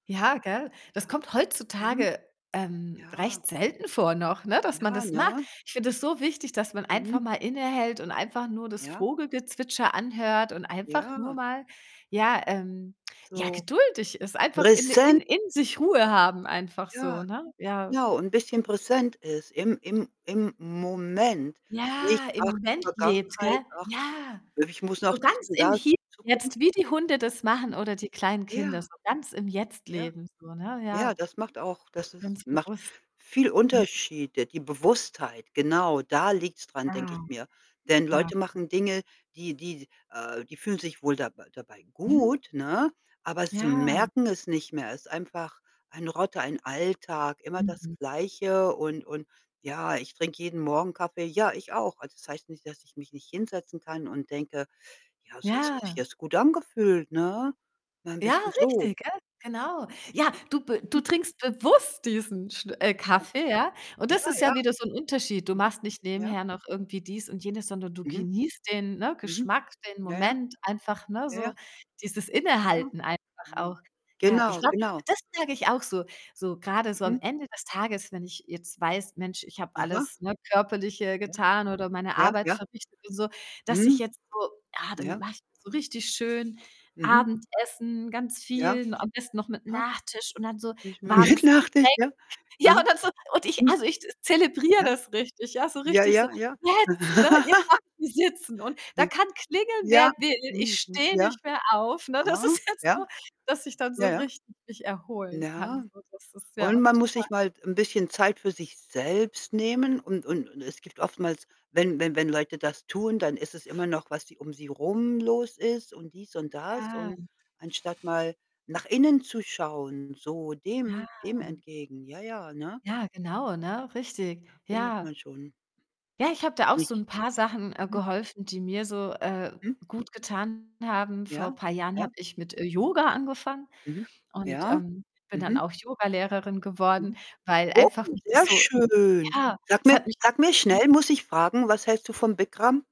Ja, gell? Das Ja. kommt Mhm. heutzutage, ähm, Ja. recht selten vor noch, ne, dass man Ja, das macht. ne? Ich finde das so wichtig, dass man einfach Mhm. mal innehält und einfach nur das Ja. Vogelgezwitscher anhört und einfach nur Ja. mal, ja ähm, ja So geduldig ist, einfach in in präsen in sich Ruhe haben einfach Ja, so, ne? Ja. genau und bisschen präsent ist im im im Moment. Nicht: Ja, im „Ach die Moment lebt, Vergangenheit, gell? ach, Ja. ich muss noch So dies ganz und im das, Hier und jetzt, Zukunft.“ wie die Hunde das machen, oder die kleinen Kinder, Ja. so ganz im Jetzt Ja. leben so, ne, Ja, ja. das macht auch das ist Ganz macht bewusst. viel Mhm. Unterschiede. Die Bewusstheit, genau, da liegt's daran, denke Ah, ich mir. Denn ja. Leute machen Dinge, die die äh, die fühlen sich wohl dabei dabei Mhm. gut, ne, aber sie Ja. merken es nicht mehr. Ist einfach ein, [unintelligible] ein Alltag, immer das Mhm. Gleiche und und ja, ich trinke jeden Morgen Kaffee. Ja, ich auch. Also, das heißt nicht, dass ich mich nicht hinsetzen kann und denke: „Ja, das hat sich Ja. jetzt gut angefühlt, ne?“ Ein Ja, bisschen so. richtig, gell? Genau. Ja, du b du trinkst bewusst diesen Schn äh, Kaffee, ja. [unintelligible] Und Ja, das ist ja ja. wieder so 'n Unterschied. Du Mhm. machst nicht Ja. nebenher noch irgendwie dies und jenes, sondern du Mhm. genießt den, ne, Mhm. Geschmack, den Ja, ja. Moment einfach, ne, Ja, ja. so dieses Ja. Innehalten einfach Hm. auch. Ja, ich Genau, glaube, genau. das merke ich auch so, so grade so am Mhm. Ende des Tages, wenn ich jetzt weiß: „Mensch, ich habe Aha. alles, ne, Körperliche Ja. getan, oder meine Ja, Arbeit ja. verrichtet und so, dass ich Mhm. jetzt so ja, dann Ja. mache ich so richtig schön Mhm. Abendessen, ganz Ja. viel, am besten noch mit Aha. Nachtisch und dann so warmes [unintelligible] Getränk.“ ja. Ja, Aha. und dann so und ich Mhm. also, ich zelebriere Ja. das richtig, ja, so Ja, richtig so: ja, ja. „Jetzt, ne, jetzt kann ich sitzen und da Ne. kann klingeln, wer Ja. will, ich Mhm. Hm. stehe Ja. nicht mehr auf, ne? Das Aha. ist jetzt Ja. so, dass ich dann so Ja, ja. richtig mich erholen kann.“ Ja. So, das ist, Und ja, man muss total. sich mal t 'n bisschen Zeit für sich selbst nehmen und und Mhm. und es gibt oftmals wenn wenn wenn Leute das tun, dann ist es immer noch, was sie um sie rum los ist und dies und das. Ja. Und anstatt mal nach innen zu schauen, so Ja. dem dem entgegen. Ja, ja, ne? Ja, genau, ne, richtig. Da findet Ja. man schon Ja, ich habe da auch so 'n Nicht. paar Sachen, äh, Mhm. geholfen, die mir so, äh, Mhm. gut getan haben. Vor Ja, paar Jahren habe ja. ich mit, äh, Yoga angefangen Mhm. und, Ja. ähm, bin dann Mhm. auch Yogalehrerin geworden, Mhm. weil Oh, einfach mich das sehr so schön. ja, Sag es mir hat mich sag mir schnell, muss ich fragen: Was hältst du vom Bikram?